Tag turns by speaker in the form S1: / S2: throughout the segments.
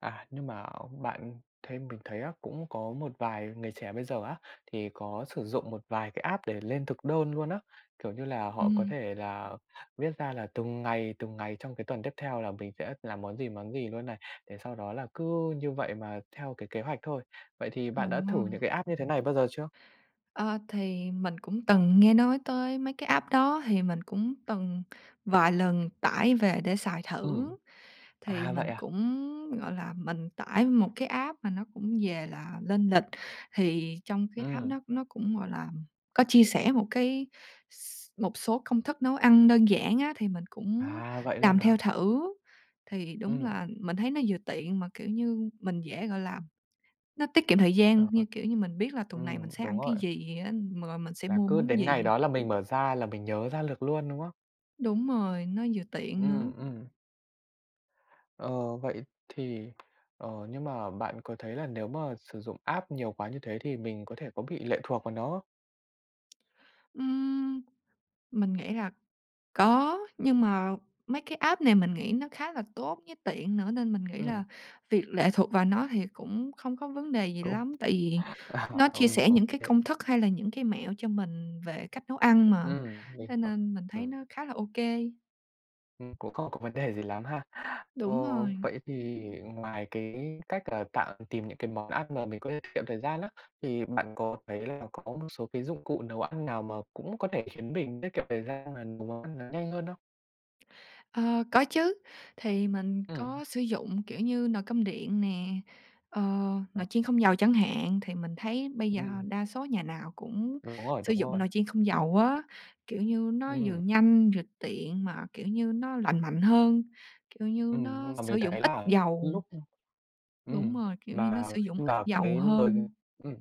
S1: À, nhưng mà bạn thấy mình thấy á, cũng có một vài người trẻ bây giờ á, thì có sử dụng một vài cái app để lên thực đơn luôn á. Kiểu như là, họ có
S2: Ừm.
S1: thể là viết ra là từng ngày, từng ngày trong cái tuần tiếp theo là mình sẽ làm món gì, món gì luôn này, để sau đó là cứ như vậy mà theo cái kế hoạch thôi. Vậy thì bạn đã thử
S2: À.
S1: những cái app như thế này bao giờ chưa?
S2: Ơ, thì mình cũng từng nghe nói tới mấy cái app đó, thì mình cũng từng vài lần tải về để xài
S1: Ừm.
S2: thử. Thì
S1: À, vậy
S2: mình
S1: à?
S2: cũng, gọi là, mình tải một cái app mà nó cũng về là lên lịch, thì trong cái app
S1: Ừm.
S2: nó nó cũng, gọi làm, có chia sẻ một cái s một số công thức nấu ăn đơn giản á, thì mình cũng
S1: À, vậy luôn
S2: làm
S1: hả?
S2: theo thử. Thì đúng
S1: Ừm.
S2: là, mình thấy nó vừa tiện, mà, kiểu như, mình dễ, gọi là nó tiết kiệm thời gian
S1: Ờ, ơi.
S2: như, kiểu như, mình biết là tuần này mình
S1: Ừm,
S2: sẽ
S1: đúng
S2: ăn cái
S1: rồi.
S2: gì ăn, rồi mình sẽ
S1: Là
S2: mua
S1: cứ
S2: món
S1: đến
S2: gì.
S1: ngày đó là mình mở ra, là mình nhớ ra lược luôn, đúng không?
S2: Đúng rồi, nó vừa tiện nữa.
S1: Ừm, ừm. Ờ, vậy thì, ờ, nhưng mà bạn có thấy là nếu mà sử dụng app nhiều quá như thế thì mình có thể có bị lệ thuộc vào nó không?
S2: Ừm. Mình nghĩ là có, nhưng mà mấy cái app này mình nghĩ nó khá là tốt, với tiện nữa, nên mình nghĩ
S1: Ừm.
S2: là việc lệ thuộc vào nó thì cũng không có vấn đề gì
S1: Cũng,
S2: lắm. Tại vì
S1: à,
S2: nó chia
S1: ừm,
S2: sẻ
S1: ô
S2: những cái
S1: kê.
S2: công thức, hay là những cái mẹo cho mình về cách nấu ăn mà,
S1: Ừm, à, mình
S2: thế
S1: hiểu.
S2: nên mình thấy nó
S1: Ừm.
S2: khá là ô kê.
S1: Ừm, cũng không có vấn đề gì lắm ha. Ờ,
S2: Đúng rồi.
S1: vậy thì ngoài cái cách là tạng tìm những cái món ăn mà mình có lê tiết kiệm thời gian á, thì bạn có thấy là có một số cái dụng cụ nấu ăn nào, mà cũng có thể khiến mình tiết kiệm thời gian, mà nấu món ăn nó nhanh hơn hông?
S2: Ờ, có chứ! Thì mình
S1: Ừm.
S2: có sử dụng, kiểu như, nồi cơm điện nè, ờ,
S1: Ờ.
S2: nồi chiên không dầu, chẳng hạn. Thì mình thấy bây giờ
S1: Ừm.
S2: đa số nhà nào cũng
S1: Đúng rồi,
S2: sử
S1: đúng
S2: dụng
S1: rồi.
S2: nồi chiên không dầu á. Kiểu như, nó vừa
S1: Ừm.
S2: nhanh, vừa tiện mà, kiểu như, nó lành mạnh hơn, kiểu như,
S1: Ừm,
S2: nó
S1: nhưng mà
S2: sử
S1: mình
S2: dụng
S1: thấy
S2: ít
S1: là, như
S2: dầu.
S1: lúc, ư
S2: Đúng
S1: ừm
S2: rồi, kiểu như, nó
S1: mà
S2: sử dụng
S1: khi
S2: ít
S1: mà
S2: dầu
S1: cái nồi,
S2: hơn.
S1: ừm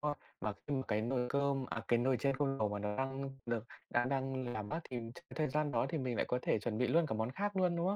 S1: a, và khi mà cái nồi cơm à, cái nồi chiên không dầu mà nó đang được đã đang làm mát thì ch thời gian đó thì mình lại có thể chuẩn bị luôn cả món khác luôn, đúng không?